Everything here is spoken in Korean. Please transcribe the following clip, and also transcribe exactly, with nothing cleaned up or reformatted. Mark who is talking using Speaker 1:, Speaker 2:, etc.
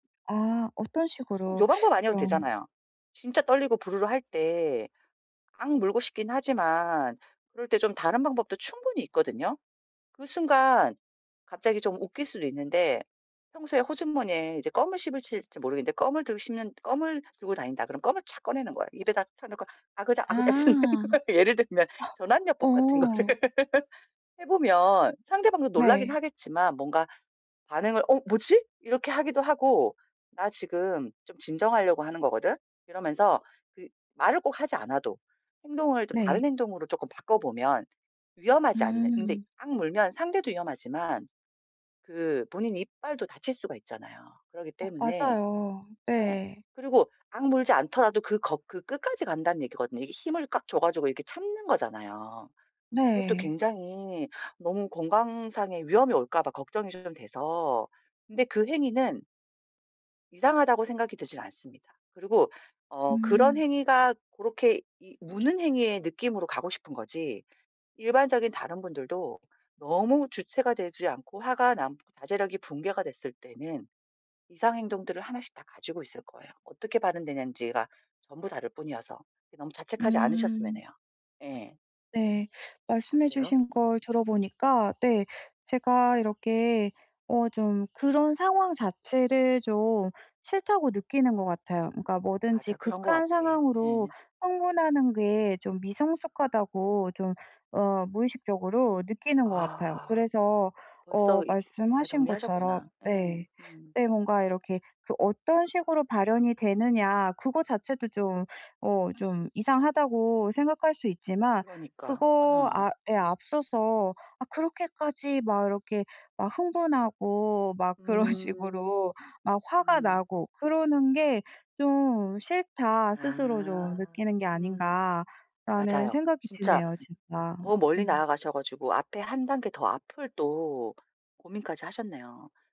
Speaker 1: 아 어떤
Speaker 2: 꼭
Speaker 1: 식으로
Speaker 2: 요 방법 아니어도
Speaker 1: 그럼
Speaker 2: 되잖아요. 진짜 떨리고 부르르 할 때 앙 물고 싶긴 하지만 그럴 때 좀 다른 방법도 충분히 있거든요. 그 순간 갑자기 좀 웃길 수도 있는데 평소에 호주머니에 이제 껌을 씹으실지 모르겠는데 껌을 드시면 껌을 들고 다닌다 그러면 껌을 착 꺼내는 거예요. 입에다 딱 넣고 아그작아그작 씹는
Speaker 1: 아.
Speaker 2: 거예요. 예를 들면 전환 요법 같은 거를
Speaker 1: 어.
Speaker 2: 해 보면 상대방도 놀라긴
Speaker 1: 네.
Speaker 2: 하겠지만 뭔가 반응을 "어 뭐지?" 이렇게 하기도 하고 "나 지금 좀 진정하려고 하는 거거든." 이러면서 그 말을 꼭 하지 않아도 행동을 좀
Speaker 1: 네.
Speaker 2: 다른 행동으로 쪼끔 바꿔보면 위험하지 않는 근데
Speaker 1: 음.
Speaker 2: 악 물면 상대도 위험하지만 그 본인 이빨도 다칠 수가 있잖아요. 그러기
Speaker 1: 어
Speaker 2: 때문에
Speaker 1: 맞아요.
Speaker 2: 예
Speaker 1: 네.
Speaker 2: 그리고 악 물지 않더라도 그 거 그 끝까지 간다는 얘기거든요. 이게 힘을 꽉 줘가지고 이렇게 참는 거잖아요. 그것도
Speaker 1: 네.
Speaker 2: 굉장히 너무 건강상의 위험이 올까 봐 걱정이 좀 돼서. 근데 그 행위는 이상하다고 생각이 들진 않습니다. 그리고 어 그런
Speaker 1: 음.
Speaker 2: 행위가 고렇게 이 무는 행위의 느낌으로 가고 싶은 거지 일반적인 다른 분들도 너무 주체가 되지 않고 화가 나고 자제력이 붕괴가 됐을 때는 이상 행동들을 하나씩 다 가지고 있을 거예요. 어떻게 발현되는지가 전부 다를 뿐이어서 네 너무 자책하지 않으셨으면
Speaker 1: 음.
Speaker 2: 해요. 예.
Speaker 1: 네. 말씀해
Speaker 2: 어때요?
Speaker 1: 주신
Speaker 2: 음.
Speaker 1: 걸 들어보니까 네 제가 이렇게 어 좀 그런 상황 자체를 좀 싫다고 느끼는 것 같아요. 그러니까 뭐든지
Speaker 2: 맞아. 그런 것
Speaker 1: 극한
Speaker 2: 같아.
Speaker 1: 상황으로
Speaker 2: 예.
Speaker 1: 흥분하는 게 좀 미성숙하다고 좀 어 무의식적으로 느끼는 것 같아요.
Speaker 2: 아
Speaker 1: 그래서
Speaker 2: 벌써
Speaker 1: 어
Speaker 2: 이 다
Speaker 1: 말씀하신 것처럼
Speaker 2: 정리하셨구나. 예.
Speaker 1: 네.
Speaker 2: 음.
Speaker 1: 네 뭔가 이렇게 그 어떤 식으로 발현이 되느냐 그거 자체도 좀 어 좀 이상하다고 생각할 수 있지만
Speaker 2: 그러니까.
Speaker 1: 그거
Speaker 2: 예.
Speaker 1: 아 예 앞서서 아 '그렇게까지 막 이렇게 막 흥분하고 막 그런
Speaker 2: 음.
Speaker 1: 식으로 막 화가
Speaker 2: 음.
Speaker 1: 나고 그러는 게 좀 싫다.' 스스로 좀
Speaker 2: 아
Speaker 1: 느끼는 게
Speaker 2: 음.
Speaker 1: 아닌가라는
Speaker 2: 맞아요.
Speaker 1: 생각이
Speaker 2: 진짜
Speaker 1: 드네요 진짜.
Speaker 2: 더 멀리
Speaker 1: 음.
Speaker 2: 나아가셔 가지고 앞에 한 단계 더 앞을 또 고민까지 하셨네요.